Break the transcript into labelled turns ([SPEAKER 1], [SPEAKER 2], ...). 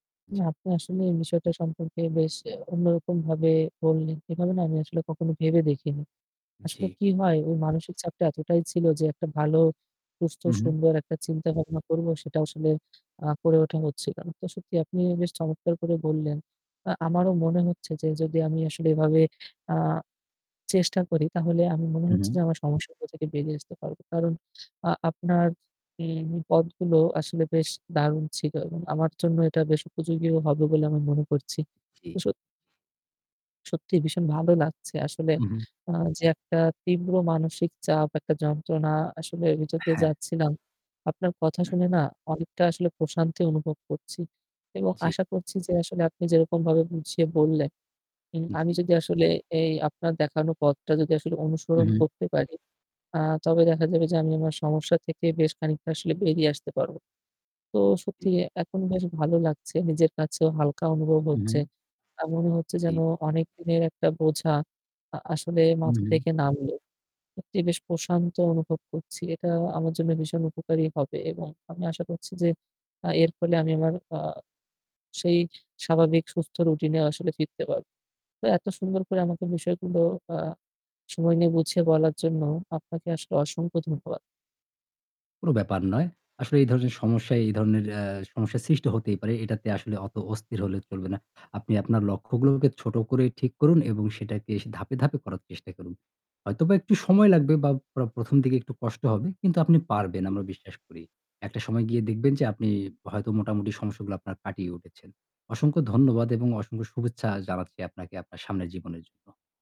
[SPEAKER 1] জ্বী।
[SPEAKER 2] না, আপনি আসলে এই বিষয়টা সম্পর্কে বেশ অন্যরকম ভাবে বললেন। এভাবে না আমি আসলে কখনো ভেবে দেখিনি।
[SPEAKER 1] জ্বী।
[SPEAKER 2] আসলে কি হয় ওই মানসিক চাপটা এতটাই ছিল যে একটা ভালো, সুস্থ,
[SPEAKER 1] হুম, হুম।
[SPEAKER 2] সুন্দর একটা চিন্তা ভাবনা করব সেটা আসলে অ্যাঁ করে ওঠা হচ্ছিল না। তো সত্যি আপনি বেশ চমৎকার করে বললেন। অ্যাঁ আমারও মনে হচ্ছে যে যদি আমি আসলে এভাবে অ্যাঁ চেষ্টা করি তাহলে আমি মনে
[SPEAKER 1] হু,
[SPEAKER 2] হচ্ছে যে
[SPEAKER 1] হু।
[SPEAKER 2] আমার সমস্যাটা থেকে বেরিয়ে আসতে পারবো। কারণ অ্যাঁ আপনার ম এই পথগুলো আসলে বেশ দারুণ ছিল এবং আমার জন্য এটা বেশ উপযোগী হবে বলে আমি মনে করছি।
[SPEAKER 1] জ্বী।
[SPEAKER 2] তো সত সত্যি ভীষণ ভালো লাগছে। আসলে
[SPEAKER 1] হু, হুম।
[SPEAKER 2] অ্যাঁ যে একটা তীব্র মানসিক চাপ, একটা যন্ত্রণা আসলে ভিতর দিয়ে
[SPEAKER 1] হ্যাঁ।
[SPEAKER 2] যাচ্ছিলাম। আপনার কথা শুনে না অনেকটা আসলে প্রশান্তি অনুভব করছি এবং
[SPEAKER 1] জ্বী।
[SPEAKER 2] আশা করছি যে আসলে আপনি যেরকমভাবে বুঝিয়ে বললেন, হুম। আমি
[SPEAKER 1] জ্বী।
[SPEAKER 2] যদি আসলে এই আপনার দেখানো পথটা যদি আসলে
[SPEAKER 1] উ
[SPEAKER 2] অনুসরণ
[SPEAKER 1] হুম।
[SPEAKER 2] করতে পারি অ্যাঁ তবে দেখা যাবে যে আমি আমার সমস্যা থেকে বেশ খানিকটা আসলে বেরিয়ে আসতে পারবো। তো
[SPEAKER 1] জ্বী।
[SPEAKER 2] সত্যি এখন বেশ ভালো লাগছে। নিজের কাছেও হালকা অনুভব
[SPEAKER 1] উ
[SPEAKER 2] হচ্ছে।
[SPEAKER 1] হুম।
[SPEAKER 2] অ্যাঁ মনে হচ্ছে যেন
[SPEAKER 1] জ্বী।
[SPEAKER 2] অনেক দিনের একটা বোঝা আ আসলে
[SPEAKER 1] হুম,
[SPEAKER 2] মাথা
[SPEAKER 1] হুম।
[SPEAKER 2] থেকে নামল। সত্যিই বেশ প্রশান্ত অনুভব করছি। এটা আমার জন্য ভীষণ উপকারী হবে এবং আমি আশা করছি যে আ এর ফলে আমি আমার অ্যাঁ সেই স্বাভাবিক সুস্থ রুটিন এ আসলে ফিরতে পারবো। তো এত সুন্দর করে আমাকে বিষয়গুলো অ্যাঁ সময় নিয়ে বুঝিয়ে বলার জন্য আপনাকে আসলে অসংখ্য ধন্যবাদ।
[SPEAKER 1] কোন ব্যাপার নয়। আসলে এই ধরনের সমস্যায় এই ধরনের এ্যা সমস্যা সৃষ্টি হতেই পারে। এটাতে আসলে অত অস্থির হলে চলবে না। আপনি আপনার লক্ষ্যগুলোকে ছোট করে ঠিক করুন এবং সেটাকে ধাপে, ধাপে করার চেষ্টা করুন। হয়তোবা একটু সময় লাগবে বা প্র ১ম দিকে একটু কষ্ট হবে কিন্তু আপনি পারবেন
[SPEAKER 2] উম
[SPEAKER 1] আমরা বিশ্বাস করি। একটা সময় গিয়ে দেখবেন যে আপনি হয়তো মোটামুটি সমস্যাগুলো আপনার কাটিয়ে উঠেছেন। অসংখ্য ধন্যবাদ এবং অসংখ্য শুভেচ্ছা জানাচ্ছি আপনাকে, আপনার সামনের জীবনের জন্য।